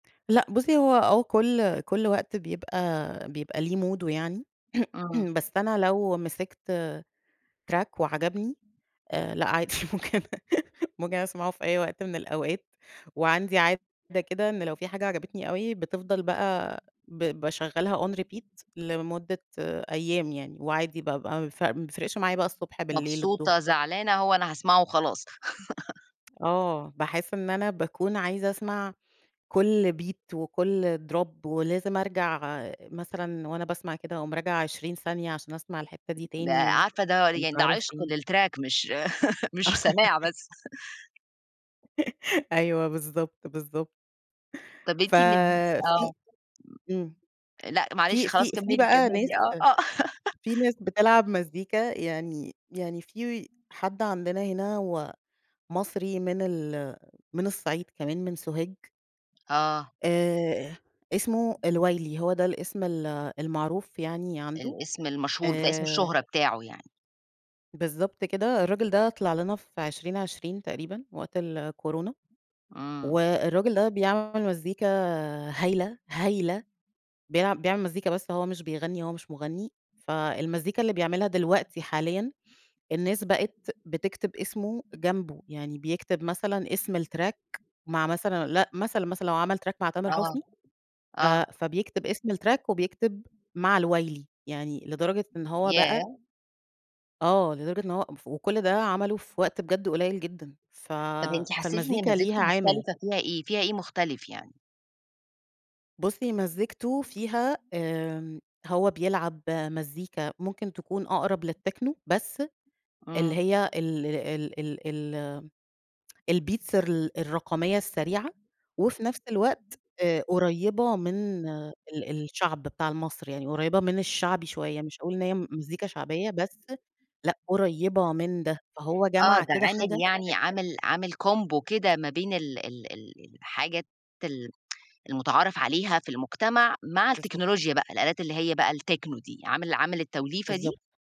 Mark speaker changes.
Speaker 1: لأ بُصّي هو هو كلّ كلّ وقت بيبقى بيبقى ليه موده يعني
Speaker 2: إمم.
Speaker 1: بس أنا لو مسِكت آآ track وعجبني، آآ لأ عادي، ممكن ممكن أسمَعه في أي وقت من الأوقات وعندي عادة كده إن لو في حاجة عجبتني أوي بتفضَل بقى ب باشغّلها on repeat لمدّة أيام يعني وعادي بقى بق ماف ما بيفرِقش معايا بقى الصبح، بالليل، الضُّهر.
Speaker 2: مبسوطة، زعلانة، هو أنا هاسمَعه وخلاص.
Speaker 1: آه، باحس إن أنا باكون عايزة أسمَع كلّ beat وكّل drop ولازم أرجَع مثلًا وأنا باسمَع كده أقوم راجعة 20 ثانية، عشان أسمَع الحِتّة دي
Speaker 2: ده
Speaker 1: تاني و
Speaker 2: عارفة ده
Speaker 1: ومش
Speaker 2: يعني ده
Speaker 1: عارف
Speaker 2: عشق
Speaker 1: إيه.
Speaker 2: للtrack مش مش سماع بس.
Speaker 1: أيوه، بالضبط، بالضبط.
Speaker 2: طَب
Speaker 1: ف
Speaker 2: أنتِ من الناس
Speaker 1: في
Speaker 2: آه.
Speaker 1: إمم،
Speaker 2: امم، لأ معلش
Speaker 1: في
Speaker 2: خلاص،
Speaker 1: في في
Speaker 2: كمّلي،
Speaker 1: بقى ناس
Speaker 2: كمّلي، آه، آه.
Speaker 1: في ناس بتلعب مزّيكا يعني يعني في حد عندنا هنا هو مصري من ال من الصعيد كمان، من سوهاج.
Speaker 2: آه.
Speaker 1: آآ، إسمه الوايلي، هو ده الإسم ال المعروف يعني عنده،
Speaker 2: الإسم المشهور، بتاع إسم
Speaker 1: آآ
Speaker 2: الشهرة بتاعه يعني.
Speaker 1: بالضبط كده، الراجل ده طلِع لنا في 2020 تقريبًا، وقت الكورونا،
Speaker 2: إمم.
Speaker 1: والراجل ده بيعمل مزّيكا هايلة، هايلة، بيع بيعمل مزّيكا بس هو مش بيغنّي، هو مش مُغنّي، فالمزّيكا اللي بيعملها دلوقتي حاليًا الناس بقِت بتكتِب إسمه جنبه، يعني بيكتب مثلًا إسم الtrack مع مثلًا لأ، مثلًا، مثلًا لو عمل track مع تامر
Speaker 2: آه،
Speaker 1: حسني ف
Speaker 2: آه.
Speaker 1: فبيكتب إسم الtrack وبيكتب مع الوايلي، يعني لدرجة إن هو بقى
Speaker 2: ياه!
Speaker 1: آه، لدرجة إن هو ام ف وكلّ ده عمله في وقت بجد قليّل جدًا، ف
Speaker 2: طَب أنتِ حسّيتِ
Speaker 1: فالمزيكا
Speaker 2: إن مزّيكتة
Speaker 1: ليها عامل.
Speaker 2: مختلِفة فيها إيه، فيها إيه مختلِف يعني؟
Speaker 1: بُصّي، مزّيكته فيها آآ، هو بيلعب مزّيكا ممكن تكون أقرَب للtechno بس اللي
Speaker 2: إمم.
Speaker 1: هي ال ال ال ال الbeats الر الرقمية السريعة وفي نفس الوقت آآ، قريّبة من ال الشعب بتاع ال مصر يعني قريبة من الشعبي شوية مش هاقول إن هي مزّيكا شعبية بس، لأ، قريّبة من ده، فهو
Speaker 2: آه،
Speaker 1: جمَع
Speaker 2: ده
Speaker 1: كده
Speaker 2: عامل
Speaker 1: حاجة
Speaker 2: يعني
Speaker 1: [unintelligible]
Speaker 2: عامل عامل combo كده ما بين ال ال ال الحاجات ال المُتعارف عليها في المُجتمع مع
Speaker 1: بالضبط.
Speaker 2: التكنولوجيا بقى، الآلات اللي هي بقى الtechno دي عامل عامل التوليفة دي؟
Speaker 1: بالضبط.